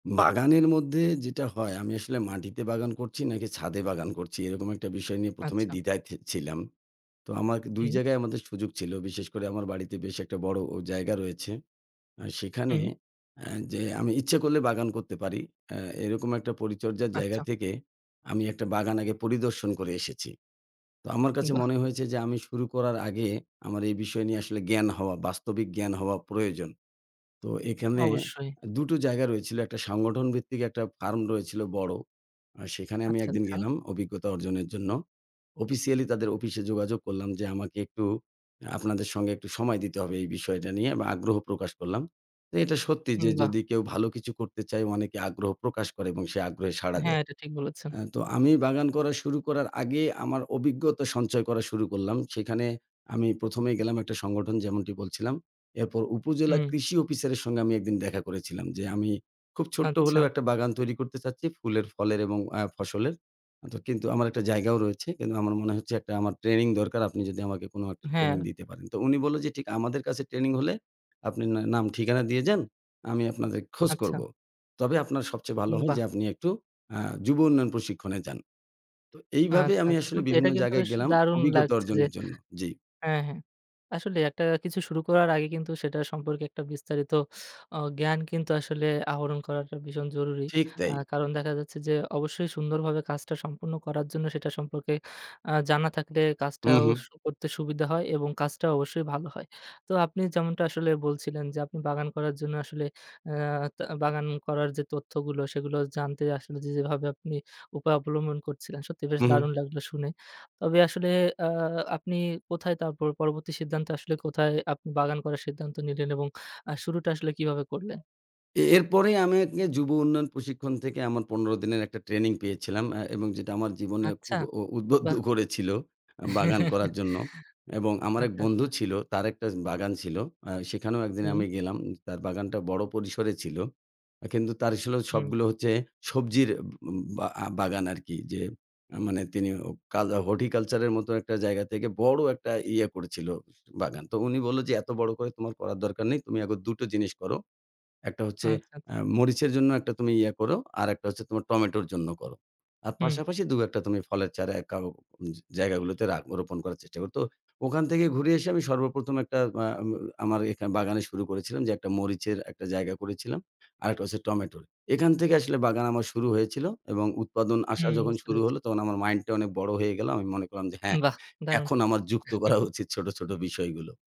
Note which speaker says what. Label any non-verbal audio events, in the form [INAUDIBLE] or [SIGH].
Speaker 1: বাগানের মধ্যে যেটা হয়, আমি আসলে মাটিতে বাগান করছি নাকি ছাদে বাগান করছি এরকম একটা বিষয় নিয়ে ১ম এই
Speaker 2: আচ্ছা।
Speaker 1: দ্বিধায় ছি ছিলাম। তো আমার ২
Speaker 2: হুম।
Speaker 1: জায়গায় আমাদের সুযোগ ছিল। বিশেষ করে আমার বাড়িতে বেশ একটা বড় অ জায়গা রয়েছে। আ সেখানে
Speaker 2: হুম।
Speaker 1: আ যে আমি ইচ্ছে করলে বাগান করতে পারি আ এরকম একটা পরিচর্যার জায়গা
Speaker 2: আচ্ছা।
Speaker 1: থেকে আমি একটা বাগান আগে পরিদর্শন করে এসেছি। তো আমার কাছে
Speaker 2: বাহ!
Speaker 1: মনে হয়েছে যে আমি শুরু করার আগে আমার এই বিষয় নিয়ে আসলে জ্ঞান হওয়া বাস্তবিক জ্ঞান হওয়া প্রয়োজন। তো এখানে
Speaker 2: অবশ্যই।
Speaker 1: আ দুটো জায়গা রয়েছিল, একটা সংগঠন ভিত্তিক একটা ফার্ম রয়েছিল বড়। আর সেখানে আমি
Speaker 2: আচ্ছা,
Speaker 1: ১ দিন
Speaker 2: আচ্ছা।
Speaker 1: গেলাম অভিজ্ঞতা অর্জনের জন্য। অফিসিয়ালি তাদের অফিসে যোগাযোগ করলাম যে, "আমাকে একটু অ্যা আপনাদের সঙ্গে একটু সময় দিতে হবে এই বিষয়টা নিয়ে।" এবং আগ্রহ প্রকাশ করলাম। এ এটা সত্যি
Speaker 2: উম
Speaker 1: যে
Speaker 2: বাহ!
Speaker 1: যদি কেউ ভালো কিছু করতে চায় অনেকে আগ্রহ প্রকাশ করে এবং সে আগ্রহে সাড়া
Speaker 2: হ্যাঁ,
Speaker 1: দেয়।
Speaker 2: এটা ঠিক বলেছেন।
Speaker 1: আ তো আমি বাগান করা শুরু করার আগে আমার অভিজ্ঞতা সঞ্চয় করা শুরু করলাম। সেখানে আমি ১ম এ গেলাম একটা সংগঠন যেমনটি বলছিলাম। এরপর উপজেলা
Speaker 2: হুম।
Speaker 1: কৃষি অফিসারের সঙ্গে আমি ১ দিন দেখা করেছিলাম যে, "আমি খুব ছোট্ট
Speaker 2: আচ্ছা।
Speaker 1: হলেও একটা বাগান তৈরি করতে চাচ্ছি ফুলের, ফলের এবং আ ফসলের। আ ত কিন্তু আমার একটা জায়গাও রয়েছে। কিন্তু আমার মনে হচ্ছে একটা আমার ট্রেনিং দরকার। আপনি যদি আমাকে কোন একটা ট্রেনিং
Speaker 2: হ্যাঁ।
Speaker 1: দিতে পারেন।" তো উনি বললো যে ঠি "আমাদের কাছে ট্রেনিং হলে, আপনি না নাম ঠিকানা দিয়ে যান। আমি আপনাদের খোঁজ
Speaker 2: আচ্ছা।
Speaker 1: করবো। তবে আপনার সবচেয়ে ভালো
Speaker 2: উম
Speaker 1: হয় যে
Speaker 2: বাহ!
Speaker 1: আপনি একটু আ যুব উন্নয়ন প্রশিক্ষণে যান।" তো এইভাবে
Speaker 2: আচ্ছা,
Speaker 1: আমি
Speaker 2: আচ্ছা।
Speaker 1: আসলে
Speaker 2: সত্যি এটা
Speaker 1: বিভিন্ন
Speaker 2: কিন্তু
Speaker 1: জায়গায়
Speaker 2: বেশ
Speaker 1: গেলাম
Speaker 2: দারুণ
Speaker 1: অভিজ্ঞতা
Speaker 2: লাগছে যে
Speaker 1: অর্জনের জন্য। জি।
Speaker 2: হ্যাঁ, হ্যাঁ। আসলে একটা কিছু শুরু করার আগে কিন্তু সেটা সম্পর্কে একটা বিস্তারিত আ জ্ঞান কিন্তু আসলে আহরণ করাটা ভীষণ জরুরি।
Speaker 1: ঠিক
Speaker 2: আ
Speaker 1: তাই।
Speaker 2: কারণ দেখা যাচ্ছে যে অবশ্যই সুন্দরভাবে কাজটা সম্পূর্ণ করার জন্য সেটা সম্পর্কে আ জানা থাকলে
Speaker 1: হুঁ,
Speaker 2: কাজটাও
Speaker 1: হুঁ।
Speaker 2: স করতে সুবিধা হয় এবং কাজটাও অবশ্যই ভালো হয়। তো আপনি যেমনটা আসলে বলছিলেন যে আপনি বাগান করার জন্য আসলে আ তা বাগান করার যে তথ্যগুলো, সেগুলো জানতে আসলে যে যেভাবে আপনি উপায় অবলম্বন করছিলেন। সত্যিই বেশ দারুণ
Speaker 1: উঁহুঁ।
Speaker 2: লাগলো শুনে। তবে আসলে আ আপনি কোথায় তার পর পরবর্তী সিদ্ধান্ত আসলে কোথায় আপনি বাগান করার সিদ্ধান্ত নিলেন? এবং আ শুরুটা আসলে কিভাবে করলেন?
Speaker 1: এ এরপরেই আমি একি যুব উন্নয়ন প্রশিক্ষণ থেকে আমার ১৫ দিনের একটা ট্রেনিং পেয়েছিলাম আ এবং যেটা আমার জীবনে
Speaker 2: আচ্ছা,
Speaker 1: খুব উ উদ্বুদ্ধ
Speaker 2: বাহ!
Speaker 1: করেছিল বাগান করার
Speaker 2: [CHUCKLES]
Speaker 1: জন্য। এবং আমার এক
Speaker 2: আচ্ছা,
Speaker 1: বন্ধু
Speaker 2: আচ্ছা।
Speaker 1: ছিল তার একটা উ বাগান ছিল। আ সেখানেও ১ দিন
Speaker 2: হুম।
Speaker 1: আমি গেলাম। তার বাগানটা বড় পরিসরে ছিল। অ্যা কিন্তু তার ছিল
Speaker 2: হুম।
Speaker 1: সবগুলো হচ্ছে সবজির বা আ বাগান আরকি। যে আ মানে তিনি অ কালো horticulture এর মতো একটা জায়গা থেকে বড় একটা ইয়ে করেছিল বাগান। তো উনি বললো যে, "এত বড় করে তোমার করার দরকার নেই। তুমি এখন ২ টো জিনিস করো। একটা হচ্ছে
Speaker 2: আচ্ছা,
Speaker 1: আ
Speaker 2: আচ্ছা।
Speaker 1: মরিচের জন্য একটা তুমি ইয়ে করো। আরেকটা হচ্ছে তোমার টমেটোর জন্য করো। আর
Speaker 2: হুম।
Speaker 1: পাশাপাশি ২, ১ টা তুমি ফলের চারা এ কাও জা জায়গাগুলোতে রা রোপণ করার চেষ্টা করো।" তো ওখান থেকে ঘুরে এসে আমি সর্বপ্রথম একটা আ ম আমার এখানে বাগানে শুরু করেছিলাম যে একটা মরিচের একটা জায়গা করেছিলাম। আরেকটা হচ্ছে টমেটোর। এখান থেকে আসলে বাগান আমার শুরু হয়েছিল এবং উৎপাদন আসা
Speaker 2: হুম,
Speaker 1: যখন
Speaker 2: বুঝতে
Speaker 1: শুরু
Speaker 2: পেরেছি।
Speaker 1: হলো তখন আমার মাইন্ডটা অনেক বড় হয়ে গেল। আমি মনে করলাম যে, "হ্যাঁ,
Speaker 2: বাহ! দারুণ।
Speaker 1: এখন আমার যুক্ত করা
Speaker 2: [CHUCKLES]
Speaker 1: উচিত ছোট, ছোট বিষয়গুলো।"